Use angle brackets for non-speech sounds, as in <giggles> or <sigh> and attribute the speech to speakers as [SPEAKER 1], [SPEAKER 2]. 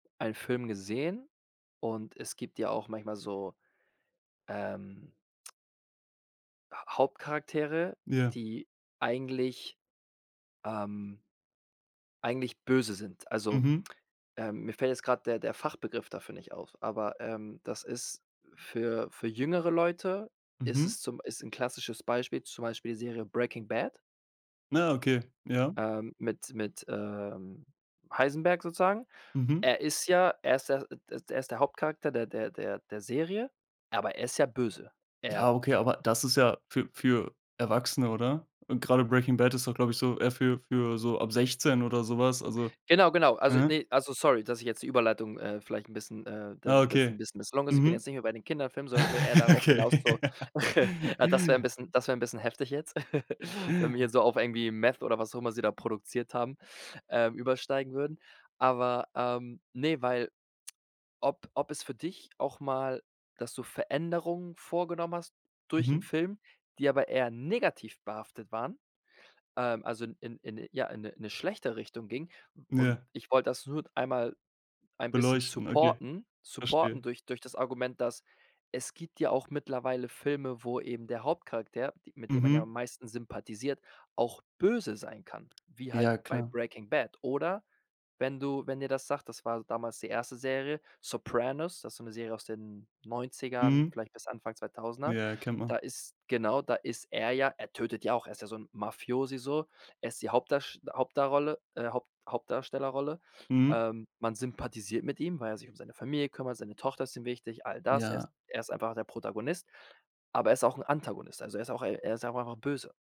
[SPEAKER 1] Einen Film gesehen und es gibt ja auch manchmal so, ähm H Hauptcharaktere,
[SPEAKER 2] Ja.
[SPEAKER 1] die eigentlich, ähm eigentlich böse sind. Also,
[SPEAKER 2] Mhm.
[SPEAKER 1] ähm, mir fällt jetzt grad der der Fachbegriff dafür nicht auf, aber, ähm, das ist für für jüngere Leute ist
[SPEAKER 2] Mhm.
[SPEAKER 1] es zum ist 'n klassisches Beispiel, zum Beispiel die Serie „Breaking Bad.“
[SPEAKER 2] Na, okay, ja.
[SPEAKER 1] Ähm, mit mit, ähm, Heisenberg sozusagen.
[SPEAKER 2] Mhm.
[SPEAKER 1] Er ist ja er ist der d d er ist der Hauptcharakter der der der der Serie, aber er ist ja böse. Er
[SPEAKER 2] Ja, okay, aber das ist ja für für Erwachsene oder? Und gerade „Breaking Bad“ ist doch glaube ich so eher für für so ab 16 oder so was. Also,
[SPEAKER 1] Genau, genau. Also
[SPEAKER 2] mhm.
[SPEAKER 1] ne, also sorry, dass ich jetzt die Überleitung, äh, vielleicht 'n bisschen, äh, d
[SPEAKER 2] Ah,
[SPEAKER 1] das 'n
[SPEAKER 2] okay.
[SPEAKER 1] bisschen misslungen ist. Ich bin jetzt
[SPEAKER 2] Mhm.
[SPEAKER 1] nicht mehr bei den Kinderfilmen, sondern will eher darauf hinaus, so,
[SPEAKER 2] <chuckles> Okay.
[SPEAKER 1] <giggles> na, das wär 'n
[SPEAKER 2] <chuckles>
[SPEAKER 1] bisschen das wär 'n bisschen heftig jetzt, <giggles> wenn wir hier so auf irgendwie Meth oder was auch immer sie da produziert haben, ähm, übersteigen würden. Aber, ähm, ne, weil ob ob es für dich auch mal dass du Veränderungen vorgenommen hast durch 'n
[SPEAKER 2] Mhm.
[SPEAKER 1] Film, die aber eher negativ behaftet waren, ähm, also in in in ja, in 'ne 'ne schlechte Richtung gingen. Und
[SPEAKER 2] Ja.
[SPEAKER 1] ich wollte das nur einmal ein bisschen
[SPEAKER 2] Beleuchten, okay,
[SPEAKER 1] supporten supporten
[SPEAKER 2] verstehe.
[SPEAKER 1] durch durch das Argument, dass es gibt ja auch mittlerweile Filme, wo eben der Hauptcharakter, d mit dem man ja am
[SPEAKER 2] Mhm.
[SPEAKER 1] meisten sympathisiert, auch böse sein kann, wie halt
[SPEAKER 2] Ja,
[SPEAKER 1] bei
[SPEAKER 2] klar.
[SPEAKER 1] Breaking Bad. Oder, wenn du wenn dir das sagt, das war damals die erste Serie, „Sopranos“, das ist so 'ne Serie aus den 90ern,
[SPEAKER 2] Mhm.
[SPEAKER 1] vielleicht bis Anfang 2.000er.
[SPEAKER 2] Ja, kennt
[SPEAKER 1] Da
[SPEAKER 2] man.
[SPEAKER 1] ist genau, da ist er ja er tötet ja auch, er ist ja so 'n Mafiosi so. Er ist die Hauptdarst Hauptdarrolle äh, Haupt Hauptdarstellerrolle.
[SPEAKER 2] Mhm.
[SPEAKER 1] Ähm, man sympathisiert mit ihm, weil er sich um seine Familie kümmert, seine Tochter ist ihm wichtig, all das. Er ist
[SPEAKER 2] Ja.
[SPEAKER 1] er ist einfach der Protagonist, aber er ist auch 'n Antagonist. Also, er ist auch er ist ja auch einfach auch böse.